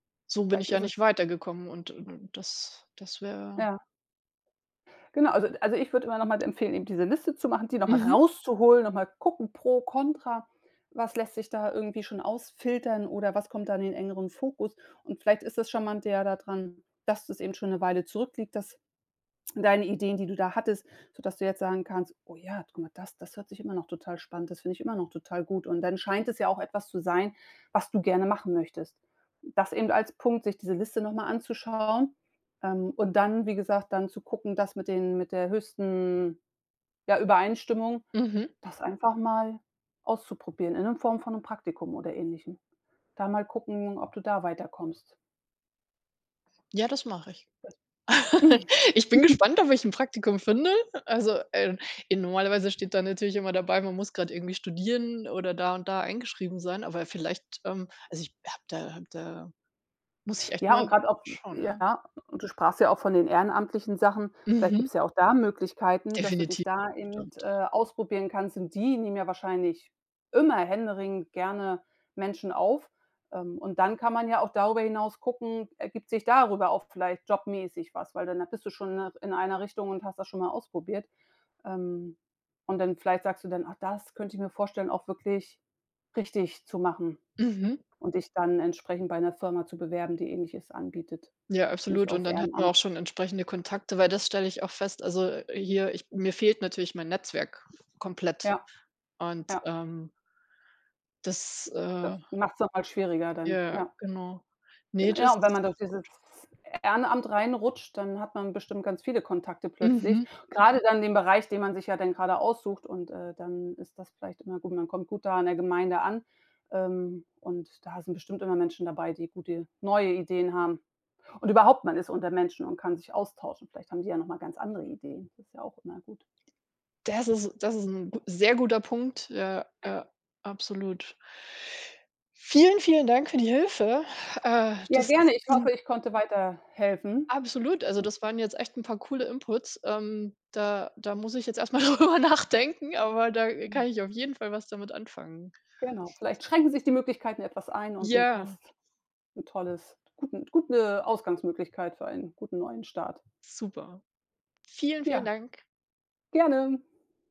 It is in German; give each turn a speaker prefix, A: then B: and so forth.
A: So bin ich
B: Vielleicht
A: ja
B: ist
A: nicht
B: es
A: weitergekommen und und das das wäre
B: Ja. Genau, also also ich würde immer noch mal empfehlen, eben diese Liste zu machen, die noch mal
A: Mhm.
B: rauszuholen, noch mal gucken pro, contra, was lässt sich da irgendwie schon ausfiltern oder was kommt dann in engeren Fokus? Und vielleicht ist das charmante ja da dran, dass das eben schon 'ne Weile zurückliegt, dass deine Ideen, die du da hattest sodass du jetzt sagen kannst: „Oh ja, guck mal das! Das hört sich immer noch total spannend das finde ich immer noch total gut.“ Und dann scheint es ja auch etwas zu sein, was du gerne machen möchtest. Das eben als Punkt, sich diese Liste noch mal anzuschauen, ähm, und dann wie gesagt, dann zu gucken, das mit den mit der höchsten, ja, Übereinstimmung
A: Mhm.
B: das einfach mal auszuprobieren in 'nem Form von 'nem Praktikum oder Ähnlichem. Da mal gucken, ob du da weiterkommst.
A: Ja, das mache ich.
B: [unintelligible]
A: Ich bin gespannt, ob ich 'n Praktikum finde. Also äh, in normalerweise steht da natürlich immer dabei, man muss grade irgendwie studieren oder da und da eingeschrieben sein, aber vielleicht ähm, also ich habe da habe da muss ich echt
B: Ja,
A: mal
B: und grade auch
A: schauen, ja.
B: ja, du sprachst ja auch von den ehrenamtlichen Sachen. Vielleicht
A: Mhm.
B: gibt's ja auch da Möglichkeiten, dass du dich
A: Definitiv, das
B: da eben,
A: stimmt.
B: äh, ausprobieren kannst. Und die nehmen ja wahrscheinlich immer händeringend gerne Menschen auf. Ähm, und dann kann man ja auch darüber hinaus gucken, ergibt sich darüber auch vielleicht jobmäßig was, weil dann da bist du schon in 'ner in einer Richtung und hast das schon mal ausprobiert. Ähm, und dann vielleicht sagst du dann: „Ach, das könnte ich mir vorstellen, auch wirklich richtig zu machen“,
A: Mhm.
B: und dich dann entsprechend bei 'ner Firma zu bewerben, die Ähnliches anbietet,
A: Ja,
B: nicht
A: absolut und
B: auf
A: dann hat man auch
B: Ehrenamt.
A: schon entsprechende Kontakte, weil das stelle ich oft fest, also, äh, hier ich mir fehlt natürlich mein Netzwerk komplett
B: Ja,
A: und,
B: ja.
A: ähm das,
B: Das
A: äh
B: macht's noch mal schwieriger dann,
A: Ja
B: ja.
A: genau. Ne,
B: Gen
A: das
B: ja, wenn
A: ist
B: man durch dieses
A: gut.
B: Ehrenamt reinrutscht, dann hat man bestimmt ganz viele Kontakte plötzlich,
A: Mhm.
B: grade dann in dem Bereich, den man sich ja dann gerade aussucht und, äh, dann ist das vielleicht immer gut. Man kommt gut da an der Gemeinde an, ähm, und da sind bestimmt immer Menschen dabei, die gute neue Ideen haben. Und überhaupt, man ist unter Menschen und kann sich austauschen. Vielleicht haben die ja noch mal ganz andere Ideen. Das ist ja auch immer gut.
A: Des ist das ist 'n gu sehr guter Punkt. Ja, ja absolut. Vielen, vielen Dank für die Hilfe. Äh,
B: Ja,
A: das ist
B: gerne. Ich
A: [unintelligible]
B: hoffe, ich konnte weiterhelfen.
A: Absolut, also, das waren jetzt echt 'n paar coole inputs. Ähm, da da muss ich jetzt erst mal drüber nachdenken, aber da
B: Mhm.
A: kann ich auf jeden Fall was damit anfangen.
B: Genau, vielleicht schränken sich die Möglichkeiten etwas ein und du ka
A: Ja.
B: hast 'n tolles guten gute Ausgangsmöglichkeit für einen guten neuen Start.
A: Super. Vielen, vielen
B: Ja,
A: Dank.
B: gerne.